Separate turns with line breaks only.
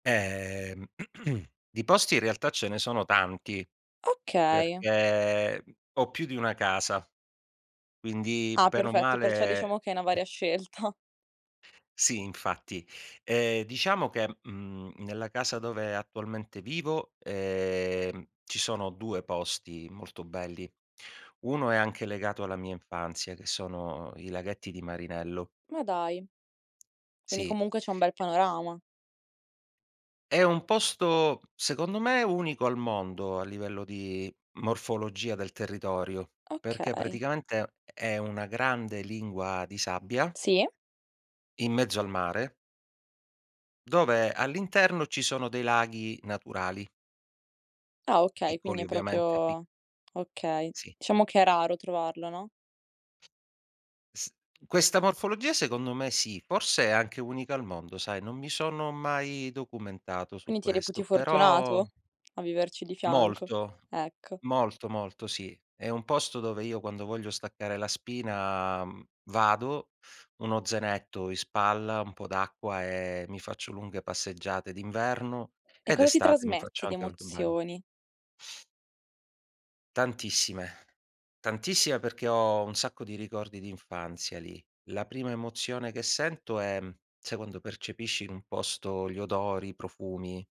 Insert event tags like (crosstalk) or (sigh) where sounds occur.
Ehm, (clears throat) di posti in realtà ce ne sono tanti,
Okay.
perché, mhmm, ho più di 1 casa, quindi
Ah,
bene o
perfetto, perciò,
male
diciamo che hai 'na varia scelta.
Sì, infatti. Ehm, diciamo che, mhmm, nella casa dove attualmente vivo, ehm, ci sono 2 posti molto belli. 1 è anche legato alla mia infanzia, che sono i laghetti di Marinello.
Ma dai! Quindi,
Sì.
comunque, c'è un bel panorama?
È un posto, secondo me, unico al mondo, a livello di morfologia del territorio, perché,
Okay.
praticamente, è una grande lingua di sabbia
Sì.
in mezzo al mare dove all'interno ci sono dei laghi naturali.
Ah, okay! Quindi
Piccoli,
è
ovviamente, pi
proprio okay.
Sì.
Diciamo che è raro trovarlo, no?
S questa morfologia, secondo me sì, forse è anche unica al mondo, sai, non mi sono mai documentato su
Quindi ti reputi
questo, però
fortunato, a viverci di fianco?
Molto,
Ecco.
molto, molto, sì. È un posto dove io, quando voglio staccare la spina, mhmm, vado, uno zainetto in spalla, un po' d'acqua e mi faccio lunghe passeggiate d'inverno
E
e
cosa ti
d'estate mi
trasmette
faccio
di
anche un ba
emozioni?
Tantissime, tantissime, perché ho un sacco di ricordi d'infanzia lì. La prima emozione che sento è: sai quando percepisci in un posto gli odori, i profumi.